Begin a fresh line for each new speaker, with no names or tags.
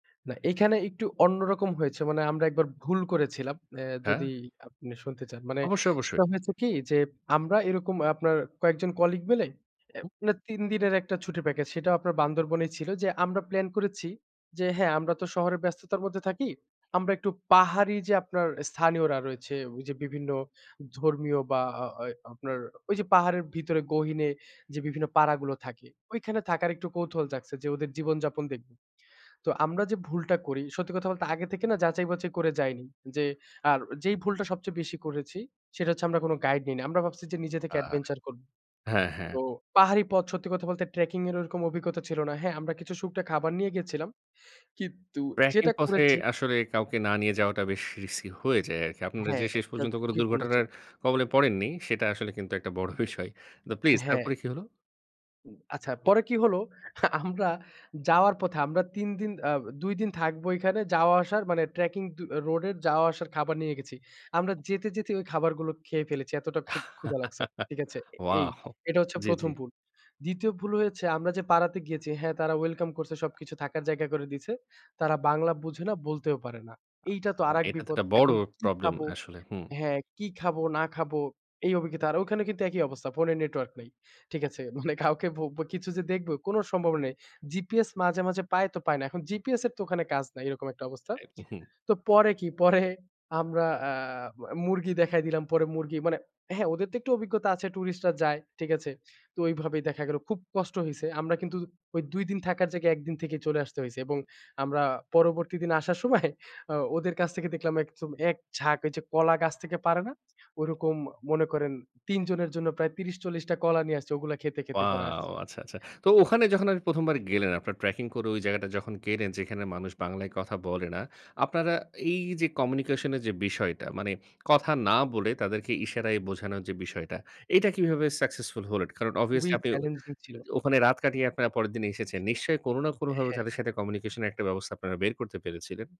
না, এখানে একটু অন্যরকম হয়েছে। মানে আমরা একবার ভুল করেছিলাম। এ্যা
হ্যা।
যদি আপনি শুনতে চান। মানে
অবশ্যই, অবশ্যই।
সেটা হয়েছে কি? যে, আমরা এরকম আপনার কয়েকজন কলিগ মিলে আ
হু।
মানে ৩ দিনের একটা ছুটি প্যাকেজ সেটাও আপনার বান্দরবনেই ছিল। যে আমরা প্লান করেছি যে হ্যা আমরা তো শহরে ব্যস্ততার মধ্যে থাকি। আমরা একটু পাহাড়ি যে আপনার স্থানীয়রা রয়েছে। ওই যে বিভিন্ন ধর্মীয় বা আ ওয় আপনার ওই যে পাহাড়ের ভিতরে গহিনে যে বিভিন্ন পাড়াগুলো থাকে। ঐখানে থাকার একটু কৌতূহল জাগছে যে ওদের জীবন যাপন দেখব। তো আমরা যে ভুলটা করি সত্যি কথা বলতে আগে থেকে না যাচাই বাচাই করে যাইনি। যে আর যেই ভুলটা সবচেয়ে বেশি করেছি সেটা হচ্ছে আমরা কোন গাইড নিই নি। আমরা ভাবছি যে নিজে থেকে
হ্যা, হ্যা,
এডভেঞ্চার করব।
হ্যা, হ্যা।
তো পাহাড়ি পথ সত্যি কথা বলতে ট্রেকিং এর ওরকম অভিজ্ঞতা ছিল না। হ্যা, আমরা কিছু শুকনা খাবার নিয়ে গিয়েছিলাম। কিন্তু
ট্র্যাকিং
যেটা
পথে
করেছি
আসলে কাউকে না নিয়ে যাওয়াটা বেশ রিস্কি হয়ে যায় আরকি। আপনারা
হ্যা,
যে শেষ
এটা
পর্যন্ত কোন
ঝুকিপূর্ন ছিল।
দুর্ঘটনার কবলে পড়েননি, সেটা আসলে কিন্তু একটা বড় বিষয়। তো প্লিজ
হ্যা।
তারপরে কি হলো?
উ আচ্ছা, পরে কি হলো? আমরা যাওয়ার পথে, আমরা ৩ দিন আ ২ দিন থাকবো এখানে যাওয়া আসার মানে ট্র্যাকিং দু রোডের যাওয়া আসার খাবার নিয়ে গেছি। আমরা যেতে, যেতে, ওই খাবারগুলো খেয়ে ফেলেছি। এতটা ক্ষু ক্ষুধা লাগছে। ঠিক আছে? এই
ওয়াও!
এটা হচ্ছে
জি, জি।
১ম ভুল। ২য় ভুল হয়েছে আমরা যে পাড়াতে গিয়েছি, হ্যা তারা ওয়েলকাম করছে সবকিছু থাকার জায়গা করে দিয়েছে। তারা বাংলা বুঝে না, বলতেও পারে না। এইটা তো
আ
আরেক
এটা তো
বিপদ।
একটা বড়
এখন কি
প্রবলেম
খাবো?
আসলে, হু।
হ্যা, কি খাবো না খাবো। এই অভিজ্ঞতা আর ওখানে কিন্তু একই অবস্থা। ফোনে নেটওয়ার্ক নাই। ঠিক
হু।
আছে? মানে কাউকে ভোব্ব কিছু যে দেখব কোন সম্ভাবনা নেই। জিপিএস মাঝে, মাঝে, পায় তো পায় না। এখন জিপিএস এর তো ওখানে কাজ নাই। এরকম একটা অবস্থা।
এ হু, হু।
তো পরে কি? পরে আমরা আ মুরগি দেখায় দিলাম, পরে মুরগি মানে হ্যা, ওদের তো একটু অভিজ্ঞতা আছে ট্যুরিস্টরা যায়, ঠিক আছে? তো ওইভাবেই দেখা গেল। খুব কষ্ট হইছে। আমরা কিন্তু ওই ২ দিন থাকার জায়গায় ১ দিন থেকেই চলে আসতে হইছে এবং আমরা পরবর্তী দিন আসার সময় আ ওদের কাছ থেকে দেখলাম একচম একঝাঁক ওই যে কলা গাছ থেকে পাড়ে না।
হ্যাঁ, হ্যাঁ।
ওরকম মনে করেন ৩ জনের জন্য প্রায় ৩০-৪০ টা কলা নিয়ে আসছে। ওগুলা খেতে, খেতে পরে আসছে।
ওয়াও! আচ্ছা, আচ্ছা। তো ওখানে যখন আপনি ১ম বার গেলেন আপনারা ট্র্যাকিং করে ওই জায়গাটা যখন গেলেন। যেখানে মানুষ বাংলায় কথা বলে না, আপনারা এই যে কমিউনিকেশন এর যে বিষয়টা। মানে কথা না বলে তাদেরকে ইশারায় বোঝানোর যে বিষয়টা, এইটা কিভাবে সাকসেসফুল হলেন। কারণ অভিয়াসলি
খুবই
আপনি
চ্যালেঞ্জিং ছিল।
ওখানে রাত কাটিয়ে আপনারা পরের দিন এসেছেন। নিশ্চয়ই কোন না
[unintelligible]
কোনভাবে
হ্যা।
তাদের সাথে কমিউনিকেশন এর একটা ব্যবস্থা আপনারা বের করতে পেরেছিলেন?